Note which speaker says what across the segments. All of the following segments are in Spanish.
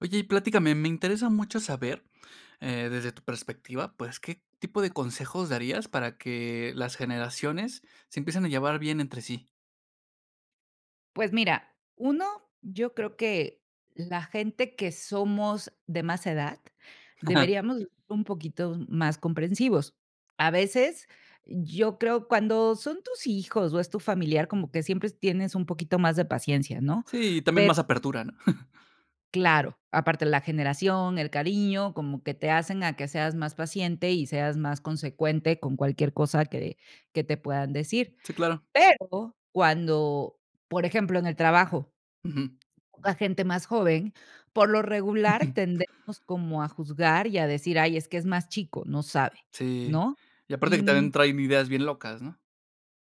Speaker 1: Oye y platícame, me interesa mucho saber, eh, desde tu perspectiva, pues, ¿qué tipo de
Speaker 2: Ah.
Speaker 1: consejos darías para que las generaciones se empiecen a llevar bien entre sí?
Speaker 2: Pues mira, 1 yo creo que la gente que somos de más edad deberíamos de ser un poquito más comprensivos. A veces, yo creo cuando son tus hijos o es tu familiar, como que siempre tienes un poquito más de paciencia, ¿no?
Speaker 1: Sí, también
Speaker 2: Per
Speaker 1: más apertura, ¿no?
Speaker 2: claro, aparte la generación, el cariño, como que te hacen a que seas más paciente y seas más consecuente con cualquier cosa que que te puedan decir.
Speaker 1: Sí, claro.
Speaker 2: Pero cuando, por ejemplo, en el trabajo,
Speaker 1: Ujú.
Speaker 2: la gente más joven, por lo regular
Speaker 1: Ujú.
Speaker 2: tendemos como a juzgar y a decir: "Ay, es que es más chico, no sabe",
Speaker 1: Sí,
Speaker 2: ¿no?
Speaker 1: y aparte que
Speaker 2: Y,
Speaker 1: también
Speaker 2: mm
Speaker 1: traen ideas bien locas, ¿no?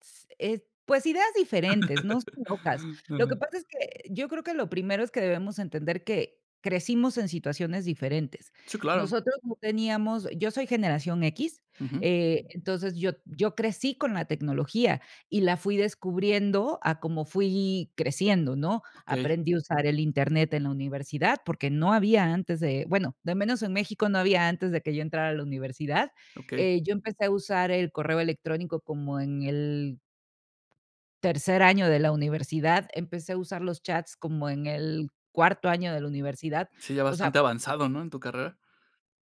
Speaker 2: s eh, pues ideas diferentes, no sé, locas. Lo que
Speaker 1: Ah.
Speaker 2: pasa es que yo creo que lo primero es que debemos entender que crecimos en situaciones diferentes.
Speaker 1: Sí, claro.
Speaker 2: Nosotros no teníamos Yo soy generación equis,
Speaker 1: Ujú.
Speaker 2: eh, entonces yo yo crecí con la tecnología y la fui descubriendo a como fui creciendo, ¿no?
Speaker 1: Okey.
Speaker 2: Aprendí a usar el Internet en la universidad, porque no había antes de, bueno, de al menos en México no había antes de que yo entrara a la universidad.
Speaker 1: Okey.
Speaker 2: Eh, yo empecé a usar el correo electrónico como en el tercer año de la universidad, empecé a usar los chats, como en el cuarto año de la universidad.
Speaker 1: Sí, ya
Speaker 2: O sea
Speaker 1: bastante avanzado, ¿no?, en tu carrera.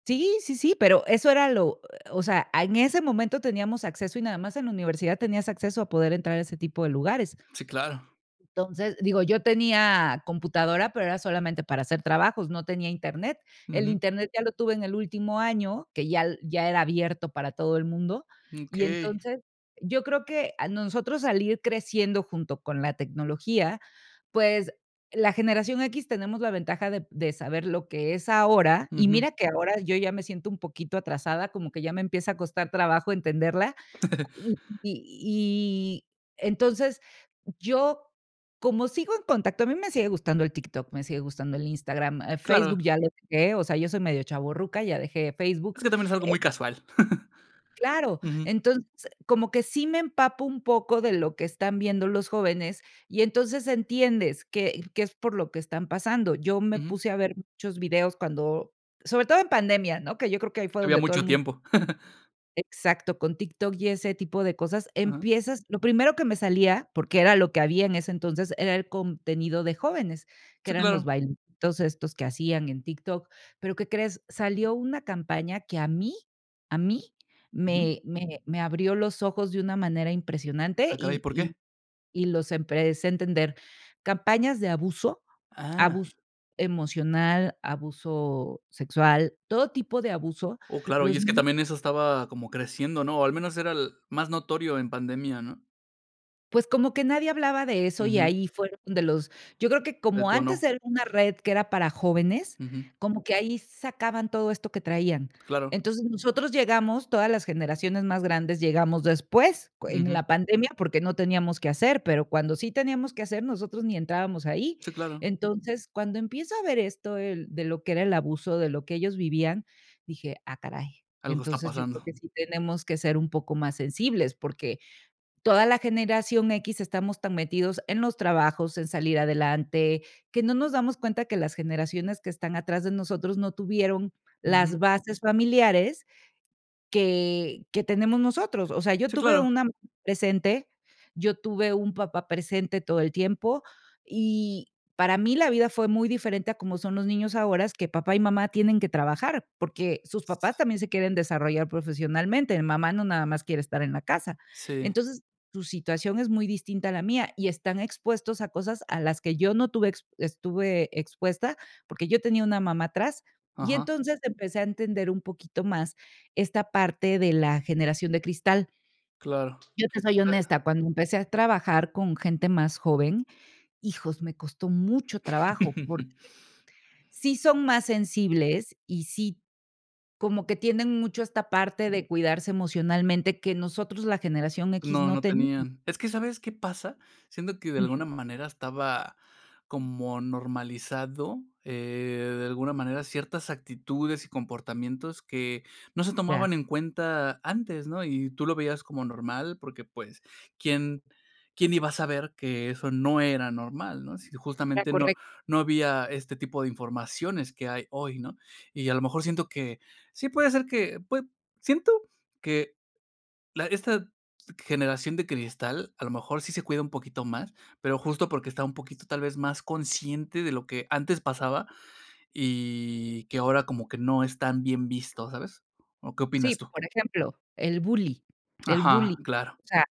Speaker 2: Sí, sí, sí, pero eso era lo o sea, a en ese momento teníamos acceso y nada más en la universidad tenías acceso a poder entrar a ese tipo de lugares.
Speaker 1: Sí, claro.
Speaker 2: Entonces, digo, yo tenía computadora, pero era solamente para hacer trabajos, no tenía Internet. El
Speaker 1: Ujú.
Speaker 2: Internet ya lo tuve en el último año, que ya l ya era abierto para todo el mundo. Y
Speaker 1: Okey.
Speaker 2: entonces, yo creo que, a nosotros al ir creciendo junto con la tecnología, pues, la generación equis tenemos la ventaja de de saber lo que es ahora, y
Speaker 1: Ujú.
Speaker 2: mira que ahora yo ya me siento un poquito atrasada, como que ya me empieza a costar trabajo entenderla cu y y y entonces yo, como sigo en contacto, a mí me sigue gustando el TikTok, me sigue gustando el Instagram,
Speaker 1: Claro.
Speaker 2: Facebook ya lO deje, o sea, yo soy medio chavorruca, ya dejé
Speaker 1: Es
Speaker 2: Facebook,
Speaker 1: que también es algo
Speaker 2: eh
Speaker 1: muy casual.
Speaker 2: Claro,
Speaker 1: Ujú.
Speaker 2: entonces, como que sí me empapo un poco de lo que están viendo los jóvenes, y entonces entiendes que que es por lo que están pasando. Yo me
Speaker 1: Ujú.
Speaker 2: puse a ver muchos videos cuando, sobre todo en pandemia, ¿no?, que yo creo que ahí fue
Speaker 1: Había
Speaker 2: donde todo el
Speaker 1: mucho
Speaker 2: mun
Speaker 1: tiempo.
Speaker 2: Exacto, con TikTok y ese tipo de cosas,
Speaker 1: Ajá.
Speaker 2: empiezas Lo primero que me salía, porque era lo que había en ese entonces, era el contenido de jóvenes, que
Speaker 1: Sí,
Speaker 2: eran los
Speaker 1: claro.
Speaker 2: bailecitos estos que hacían en TikTok, pero, ¿qué crees?, salió una campaña que a mí, a mí
Speaker 1: Ujú.
Speaker 2: me me me abrió los ojos de una manera impresionante
Speaker 1: Ah, caray,
Speaker 2: y
Speaker 1: ¿por
Speaker 2: y
Speaker 1: qué?
Speaker 2: y los empecé entender. Campañas de abuso,
Speaker 1: Ah.
Speaker 2: abuso emocional, abuso sexual, todo tipo de abuso,
Speaker 1: Oh, claro, y
Speaker 2: los
Speaker 1: es que
Speaker 2: ni
Speaker 1: también eso estaba como creciendo, ¿no? O al menos era el más notorio en pandemia, ¿no?
Speaker 2: Pues como que nadie hablaba de eso y
Speaker 1: Ujú.
Speaker 2: ahí fueron de los, yo creo que como antes
Speaker 1: Detonó.
Speaker 2: era una red que era para jóvenes,
Speaker 1: Ujú.
Speaker 2: como que ahí sacaban todo esto que traían.
Speaker 1: Claro.
Speaker 2: Entonces, nosotros llegamos, todas las generaciones más grandes llegamos después, en
Speaker 1: Ujú.
Speaker 2: la pandemia, porque no teníamos que hacer, pero cuando sí teníamos que hacer, nosotros ni entrábamos ahí.
Speaker 1: Sí, claro.
Speaker 2: Entonces, cuando empiezo a ver esto el de lo que era el abuso, de lo que ellos vivían, dije: "Ah caray",
Speaker 1: Algo está
Speaker 2: entonces yo creo
Speaker 1: pasando.
Speaker 2: que sí tenemos que ser un poco más sensibles, porque toda la generación equis estamos tan metidos en los trabajos, en salir adelante, que no nos damos cuenta que las generaciones que están atrás de nosotros no tuvieron
Speaker 1: Ujú.
Speaker 2: las bases familiares que que tenemos nosotros. O sea, yo
Speaker 1: Sí,
Speaker 2: tuve
Speaker 1: claro.
Speaker 2: una mamá presente, yo tuve un papá presente todo el tiempo y para mí la vida fue muy diferente a como son los niños ahora, que papá y mamá tienen que trabajar, porque sus papás
Speaker 1: S
Speaker 2: también se quieren desarrollar profesionalmente. Eh, mamá no nada más quiere estar en la casa.
Speaker 1: Sí.
Speaker 2: Entonces, tu situación es muy distinta a la mía y están expuestos a cosas a las que yo no tuve ex estuve expuesta, porque yo tenía una mamá atrás y
Speaker 1: Ajá.
Speaker 2: entonces empecé a entender un poquito más esta parte de la generación de cristal.
Speaker 1: Claro.
Speaker 2: Yo te soy
Speaker 1: Sa
Speaker 2: honesta, cuando empecé a trabajar con gente más joven, hijos, me costó mucho trabajo porque, sí son más sensibles y sí, como que tienen mucho esta parte de cuidarse emocionalmente que nosotros, la generación equis,
Speaker 1: No,
Speaker 2: no
Speaker 1: no
Speaker 2: tenemos.
Speaker 1: tenían. Es que, ¿sabes qué pasa? Siento que de
Speaker 2: Ujú.
Speaker 1: alguna manera estaba como normalizado, eh, de alguna manera, ciertas actitudes y comportamientos que no se
Speaker 2: Ya.
Speaker 1: tomaban en cuenta antes, ¿no? Y tú lo veías como normal, porque, pues, ¿quién quién iba a saber que eso no era normal, no? Así,
Speaker 2: Era
Speaker 1: justamente no
Speaker 2: correc
Speaker 1: no había este tipo de informaciones que hay hoy, ¿no? Y a lo mejor siento que, sí puede ser que, pues, siento que la esta, generación de cristal, a lo mejor sí se cuida un poquito más, pero justo porque está un poquito tal vez más consciente de lo que antes pasaba y que ahora como que no están bien vistos, ¿sabes? ¿O qué opinas
Speaker 2: Sí,
Speaker 1: tú?
Speaker 2: por ejemplo, el bullying el
Speaker 1: Ajá,
Speaker 2: bullying.
Speaker 1: claro.
Speaker 2: O sea,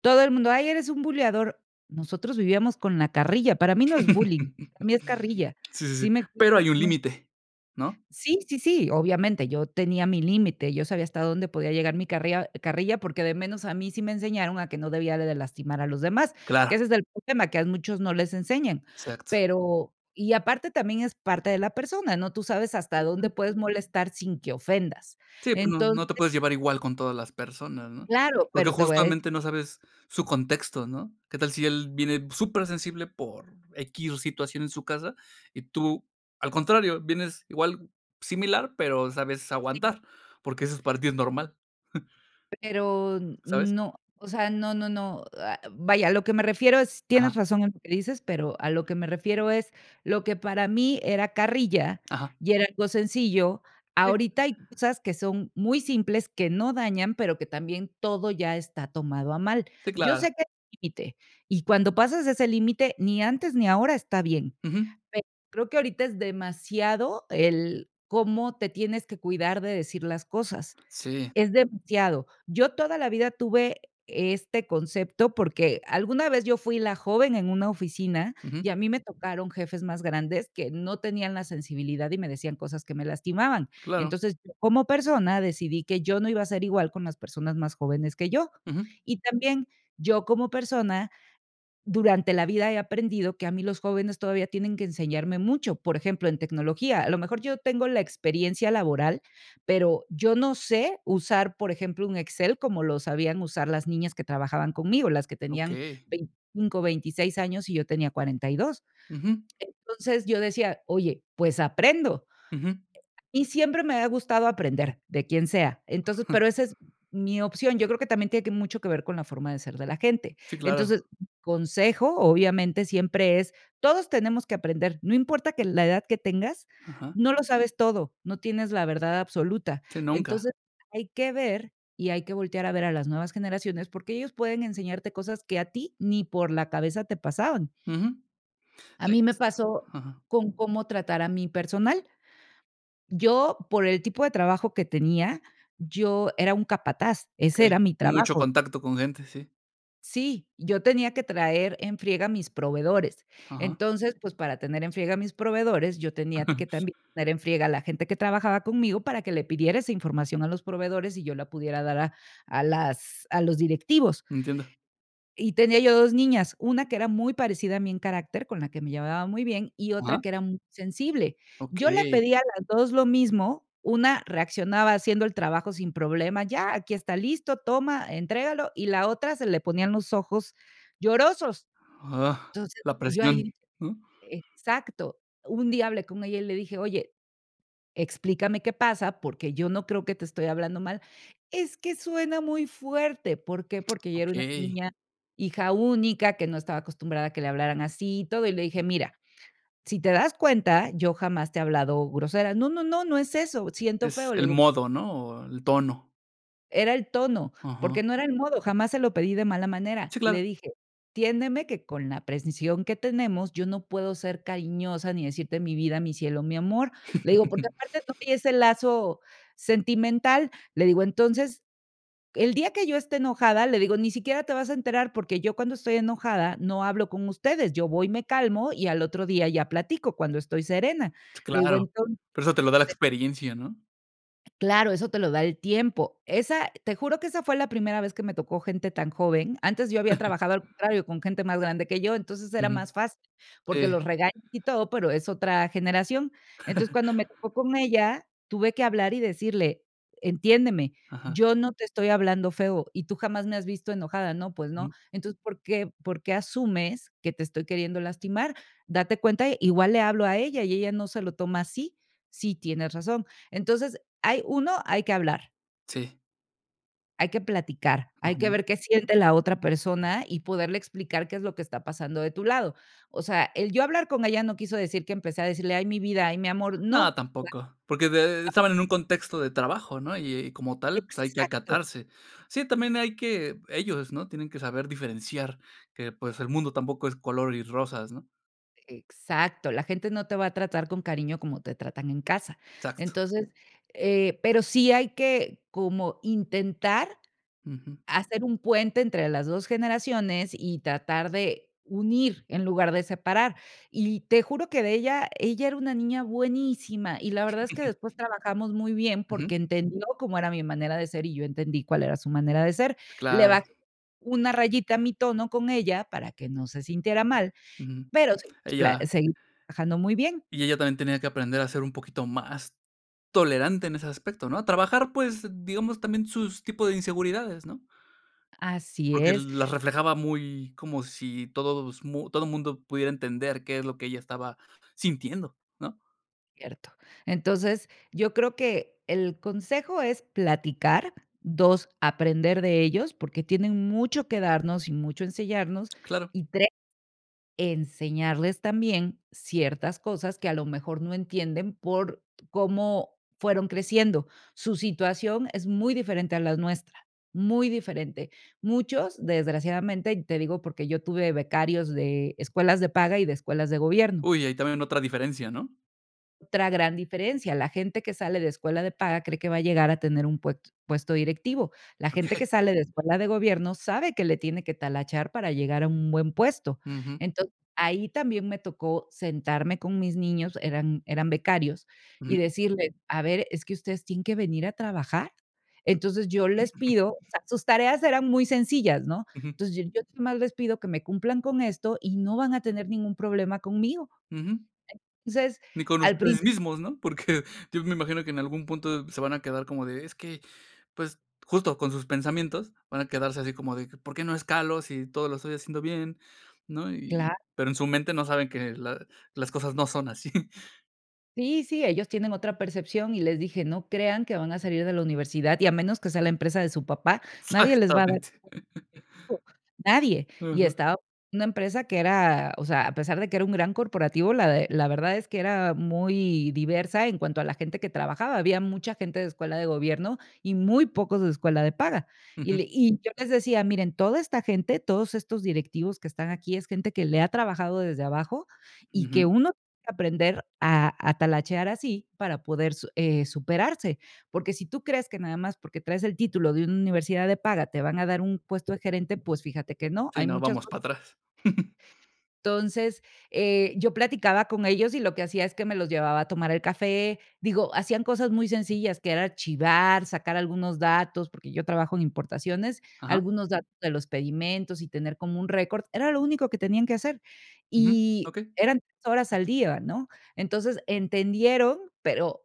Speaker 2: todo el mundo: "Ay, eres un buleador", nosotros vivíamos con la carrilla. Para mí no es bullying, para mí es carrilla,
Speaker 1: Sí, sí, sí,
Speaker 2: ¿sí me
Speaker 1: pero hay
Speaker 2: explico?
Speaker 1: un
Speaker 2: Nos
Speaker 1: límite, ¿no?
Speaker 2: Sí, sí, sí, obviamente, yo tenía mi límite, yo sabía hasta dónde podía llegar mi carria carrilla, porque de menos a mí sí me enseñaron a que no debía de lastimar a los demás, que
Speaker 1: Claro.
Speaker 2: ese es el problema que a muchos no les enseñan.
Speaker 1: Exacto.
Speaker 2: Pero, y aparte también es parte de la persona, ¿no? Tú sabes hasta dónde puedes molestar sin que ofendas.
Speaker 1: Sí, pues no, no te
Speaker 2: Entonces
Speaker 1: puedes llevar igual con todas las personas, ¿no?
Speaker 2: Claro,
Speaker 1: Porque
Speaker 2: pero te voy a decir.
Speaker 1: justamente no sabes su contexto, ¿no? ¿Qué tal si él viene supersensible por equis situación en su casa. Y tú, al contrario, vienes igual similar, pero sabes
Speaker 2: Sí.
Speaker 1: aguantar, porque eso es para tí, es normal?
Speaker 2: Pero
Speaker 1: ¿Sabes?
Speaker 2: no, o sea, no, no, no, ah, vaya, a lo que me refiero es, tienes
Speaker 1: Ajá.
Speaker 2: razón en lo que dices, pero a lo que me refiero es lo que para mí era carrilla
Speaker 1: Ajá.
Speaker 2: y era algo sencillo,
Speaker 1: Sí.
Speaker 2: ahorita hay cosas que son muy simples, que no dañan, pero que también todo ya está tomado a mal.
Speaker 1: Sí,
Speaker 2: Yo
Speaker 1: claro.
Speaker 2: sé que es límite, y cuando pasas ese límite, ni antes ni ahora está bien.
Speaker 1: Ujú.
Speaker 2: Pero creo que ahorita es demasiado el cómo te tienes que cuidar de decir las cosas,
Speaker 1: Sí.
Speaker 2: es demasiado. Yo toda la vida tuve este concepto, porque alguna vez yo fui la joven en una oficina
Speaker 1: Ujú.
Speaker 2: y a mí me tocaron jefes más grandes, que no tenían la sensibilidad y me decían cosas que me lastimaban.
Speaker 1: Claro.
Speaker 2: Entonces, yo como persona, decidí que yo no iba a ser igual con las personas más jóvenes que yo.
Speaker 1: Ujú
Speaker 2: Y también yo como persona, durante la vida he aprendido que a mí los jóvenes todavía tienen que enseñarme mucho, por ejemplo, en tecnología. A lo mejor yo tengo la experiencia laboral, pero yo no sé usar, por ejemplo, un Excel como lo sabían usar las niñas que trabajaban conmigo, las que tenían
Speaker 1: Okey.
Speaker 2: 25, 26 años y yo tenía 42
Speaker 1: Ujú
Speaker 2: Entonces, yo decía: "Oye, pues aprendo".
Speaker 1: Ujú
Speaker 2: E a y siempre me ha gustado aprender de quien sea. Entonces, pero esa es mi opción, yo creo que también tiene que mucho que ver con la forma de ser de la gente.
Speaker 1: Sí, claro.
Speaker 2: Entonces, consejo, obviamente, siempre es, todos tenemos que aprender, no importa que la edad que tengas,
Speaker 1: Ajá.
Speaker 2: no lo sabes todo, no tienes la verdad absoluta.
Speaker 1: Sí, nunca.
Speaker 2: Entonces, hay que ver y hay que voltear a ver a las nuevas generaciones, porque ellos pueden enseñarte cosas que a ti ni por la cabeza te pasaban.
Speaker 1: Ujú,
Speaker 2: A mí me
Speaker 1: [unintelligible]
Speaker 2: pasó
Speaker 1: Ajá.
Speaker 2: con cómo tratar a mi personal. Yo, por el tipo de trabajo que tenía, yo era un capataz, ese
Speaker 1: Okey.
Speaker 2: era mi
Speaker 1: Mucho
Speaker 2: trabajo.
Speaker 1: contacto con gente, sí.
Speaker 2: Sí, yo tenía que traer en friega a mis proveedores,
Speaker 1: Ajá.
Speaker 2: entonces, pues para tener en friega a mis proveedores, yo tenía t que también tener en friega a la gente que trabajaba conmigo para que le pidiera esa información a los proveedores y yo la pudiera dar a a las a los directivos.
Speaker 1: Entiendo.
Speaker 2: Y tenía yo 2 niñas, una que era muy parecida a mí en carácter, con la que me llevaba muy bien, y otra
Speaker 1: Ajá.
Speaker 2: que era muy sensible. Yo le
Speaker 1: Okey.
Speaker 2: pedía a las 2 lo mismo, una reaccionaba haciendo el trabajo sin problema: "Ya, aquí está listo, toma, entrégalo", y la otra se le ponían los ojos llorosos.
Speaker 1: Ah,
Speaker 2: Entonces,
Speaker 1: la
Speaker 2: yo
Speaker 1: presión,
Speaker 2: ahí
Speaker 1: ¿no?
Speaker 2: exacto. Un día hablé con ella y le dije: "Oye, explícame qué pasa, porque yo no creo que te estoy hablando mal". "Es que suena muy fuerte", ¿por qué? Porque ella era una
Speaker 1: Okey.
Speaker 2: niña, hija única que no estaba acostumbrada a que le hablaran así y todo, y le dije: "Mira, si te das cuenta, yo jamás te he hablado grosera". "No, no, no, no es eso, siento
Speaker 1: Es
Speaker 2: feo". Le
Speaker 1: el
Speaker 2: digo
Speaker 1: modo, ¿no?, o el tono.
Speaker 2: Era el tono,
Speaker 1: Ajá.
Speaker 2: porque no era el modo, jamás se lo pedí de mala
Speaker 1: Sí,
Speaker 2: manera.
Speaker 1: claro.
Speaker 2: Le dije: "Entiéndeme que con la precisión que tenemos, yo no puedo ser cariñosa ni decirte mi vida, mi cielo, mi amor". Le digo Porque aparte no había ese lazo sentimental, le digo: "Entonces, el día que yo esté enojada", le digo: "Ni siquiera te vas a enterar, porque yo cuando estoy enojada no hablo con ustedes, yo voy me calmo y al otro día ya platico, cuando estoy serena". Le digo
Speaker 1: Claro,
Speaker 2: Entonces
Speaker 1: pero eso te lo da la
Speaker 2: [unintelligible]
Speaker 1: experiencia, ¿no?
Speaker 2: Claro, eso te lo da el tiempo, esa te juro que esa fue la primera vez que me tocó gente tan joven, antes yo había trabajado, al contrario con gente más grande que yo, entonces era
Speaker 1: Ujú.
Speaker 2: más fácil, porque
Speaker 1: Sí.
Speaker 2: los regañas y todo, pero es otra generación, entonces, cuando me tocó con ella, tuve que hablar y decirle: "Entiéndeme,
Speaker 1: Ajá.
Speaker 2: yo no te estoy hablando feo y tú jamás me has visto enojada". "No, pues no".
Speaker 1: Ujú.
Speaker 2: "Entonces, ¿por qué por qué asumes que te estoy queriendo lastimar? Date cuenta, igual le hablo a ella y ella no se lo toma así". "Sí, tienes razón". Entonces, hay uno, hay que hablar.
Speaker 1: Sí.
Speaker 2: Hay que platicar, hay que
Speaker 1: Ujú.
Speaker 2: ver qué siente la otra persona, y poderle explicar qué es lo que está pasando de tu lado. O sea, el yo hablar con ella no quiso decir que empecé a decirle: "Ay, mi vida. Ay, mi amor",
Speaker 1: No,
Speaker 2: no.
Speaker 1: tampoco. Porque de
Speaker 2: [unintelligible]
Speaker 1: estaban en un contexto de trabajo, ¿no? Y y como tal, pues, hay que
Speaker 2: Exacto.
Speaker 1: acatarse. Sí, también hay que ellos, ¿no? Tienen que saber diferenciar que, pues, el mundo tampoco es color y rosas, ¿no?
Speaker 2: Exacto. La gente no te va a tratar con cariño como te tratan en casa.
Speaker 1: Exacto.
Speaker 2: Entonces, eh, pero sí hay que como intentar
Speaker 1: Ujú.
Speaker 2: hacer un puente entre las 2 generaciones, y tratar de unir en lugar de separar. Y te juro que de ella ella era una niña buenísima, y la verdad es que después trabajamos muy bien,
Speaker 1: Ujú.
Speaker 2: porque entendió cómo era mi manera de ser, y yo entendí cuál era su manera de ser. Le
Speaker 1: Claro.
Speaker 2: bajé una rayita a mi tono con ella, para que no se sintiera mal,
Speaker 1: Ujú.
Speaker 2: pero si nos pla
Speaker 1: Ella.
Speaker 2: seguimos trabajando muy bien.
Speaker 1: Y ella también tenía que aprender a ser un poquito más tolerante en ese aspecto, ¿no? Trabajar, pues, digamos, también sus tipos de inseguridades, ¿no?
Speaker 2: Así
Speaker 1: Porque
Speaker 2: es.
Speaker 1: las reflejaba muy como si todos mu todo mundo pudiera entender qué es lo que ella estaba sintiendo, ¿no?
Speaker 2: Cierto. Entonces, yo creo que el consejo es platicar. 2, aprender de ellos, porque tienen mucho que darnos y mucho enseñarnos.
Speaker 1: Claro.
Speaker 2: Y 3, enseñarles también ciertas cosas que, a lo mejor, no entienden por cómo fueron creciendo. Su situación es muy diferente a las nuestra. Muy diferente. Muchos, desgraciadamente, y te digo, porque yo tuve becarios de escuelas de paga y de escuelas de gobierno.
Speaker 1: Uy, hay también otra diferencia, ¿no?
Speaker 2: Otra gran diferencia, la gente que sale de escuela de paga cree que va a llegar a tener un pue puesto directivo. La gente que
Speaker 1: Okey.
Speaker 2: sale de escuela de gobierno sabe que le tiene que talachar para llegar a un buen puesto.
Speaker 1: Ujú.
Speaker 2: Entonces, ahí también me tocó sentarme con mis niños, eran eran becarios, y
Speaker 1: Sí.
Speaker 2: decirles: "A ver, es que ustedes tienen que venir a trabajar". Entonces, yo les pido o sea, sus tareas eran muy sencillas, ¿no?,
Speaker 1: Ujú.
Speaker 2: entonces, yo yo nomás les pido que me cumplan con esto, y no van a tener ningún problema conmigo.
Speaker 1: Ujú.
Speaker 2: Entonces,
Speaker 1: Ni con
Speaker 2: al prin
Speaker 1: ustedes mismos, ¿no?, porque yo me imagino que en algún punto se van a quedar como de, es que, pues, justo con sus pensamientos, van a quedarse, así como de que, ¿por qué no escalo si todo lo estoy haciendo bien?, ¿no?,
Speaker 2: Cla
Speaker 1: y, pero en su mente no saben que la las cosas no son así.
Speaker 2: Sí, sí, ellos tienen otra percepción y les dije: "No crean que van a salir de la universidad y a menos que sea la empresa de su papá, nadie les va a dar
Speaker 1: Exactamente.
Speaker 2: [unintelligible] nadie". Y
Speaker 1: Ujú.
Speaker 2: estaba en una empresa que era, o sea, a pesar de que era un gran corporativo, la de la verdad es que era muy, diversa en cuanto a la gente que trabajaba. Había mucha gente de escuela de gobierno y muy pocos de escuela de paga. Y le
Speaker 1: Ujú.
Speaker 2: y yo les decía: "Miren, toda esta gente, todos estos directivos que están aquí, es gente que le ha trabajado desde abajo y que
Speaker 1: Ujú.
Speaker 2: uno va aprender a a talachear así para poder, eh, superarse". Porque si tú crees que nada más porque traes el título de una universidad de paga, te van a dar un puesto de gerente, pues fíjate que no,
Speaker 1: Sí,
Speaker 2: hay
Speaker 1: no,
Speaker 2: muchos
Speaker 1: vamos
Speaker 2: [unintelligible]
Speaker 1: para atrás.
Speaker 2: Entonces, eh, yo platicaba con ellos y lo que hacía es que me los llevaba a tomar el café. Digo, hacían cosas muy sencillas, que era archivar, sacar algunos datos, porque yo trabajo en importaciones,
Speaker 1: Ajá.
Speaker 2: algunos datos de los pedimentos y tener como un récord, era lo único que tenían que hacer.
Speaker 1: Ujú.
Speaker 2: Y,
Speaker 1: Okey.
Speaker 2: eran [unintelligible] horas al día, ¿no? Entonces, entendieron, pero,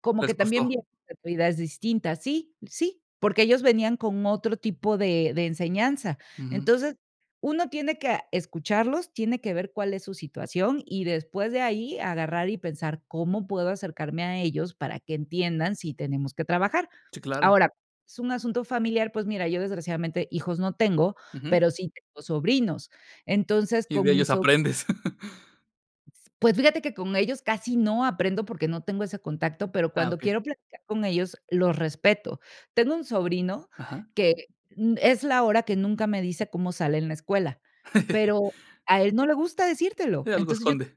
Speaker 2: como
Speaker 1: Les
Speaker 2: que también
Speaker 1: costó.
Speaker 2: vie actividades distintas. Sí, sí, porque ellos venían con otro tipo de de enseñanza.
Speaker 1: Ujú.
Speaker 2: Entonces, uno tiene que, ah, escucharlos, tiene que ver cuál es su situación y después de ahí agarrar y pensar, ¿cómo puedo acercarme a ellos para que entiendan si tenemos que trabajar?,
Speaker 1: Sí, claro.
Speaker 2: ahora, es un asunto familiar, pues mira, yo desgraciadamente hijos no tengo,
Speaker 1: Ujú.
Speaker 2: pero sí tengo sobrinos. Entonces,
Speaker 1: Y de
Speaker 2: con mis
Speaker 1: ellos
Speaker 2: so
Speaker 1: aprendes.
Speaker 2: S pues, fíjate que con ellos casi no aprendo porque no tengo ese contacto, pero
Speaker 1: Ah,
Speaker 2: cuando
Speaker 1: okey.
Speaker 2: quiero platicar con ellos, los respeto. Tengo un sobrino
Speaker 1: Ajá.
Speaker 2: que, mm, es la hora que nunca me dice cómo sale en la escuela, pero a él no le gusta decírtelo.
Speaker 1: Sí, algo
Speaker 2: Entonces, yo
Speaker 1: esconde.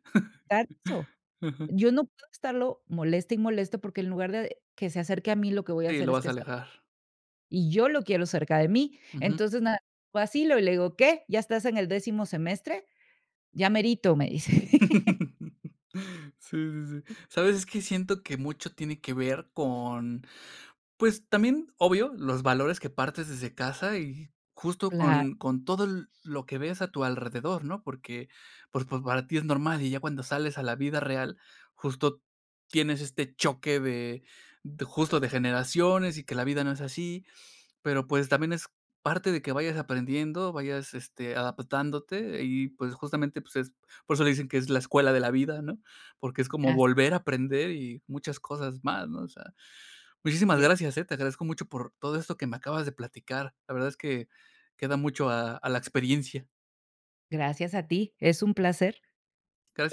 Speaker 2: Exacto.
Speaker 1: Ujú.
Speaker 2: Yo no puedo estarlo moleste y moleste, porque en lugar de que se acerque a mí, lo que voy a
Speaker 1: Sí,
Speaker 2: hacer
Speaker 1: lo
Speaker 2: es
Speaker 1: vas
Speaker 2: que
Speaker 1: a
Speaker 2: se al
Speaker 1: alejar.
Speaker 2: y yo lo quiero cerca de mí.
Speaker 1: Ujú.
Speaker 2: Entonces, nada, lo vacilo y le digo: "¿Qué? ¿Ya estás en el décimo semestre?", "ya merito", me dice.
Speaker 1: Sí, sí, sí. ¿Sabes? Es que siento que mucho tiene que ver con, pues también, obvio, los valores que partes desde casa y justo
Speaker 2: Cla
Speaker 1: con con todo l lo que ves a tu alrededor, ¿no?, porque, pues, pa para ti es normal, y ya cuando sales a la vida real, justo tienes este choque de justo, de generaciones y que la vida no es así. Pero, pues, también es parte de que vayas aprendiendo, vayas, este, adaptándote y, pues, justamente, pues, es por eso le dicen que es la escuela de la vida, ¿no?, porque es como
Speaker 2: As
Speaker 1: volver a aprender y muchas cosas más, ¿no?, o sea Muchísimas
Speaker 2: Y e
Speaker 1: gracias, eh, te agradezco mucho por todo esto que me acabas de platicar. La verdad es que, queda mucho a a la experiencia.
Speaker 2: Gracias a ti. Es un placer.
Speaker 1: Gracias.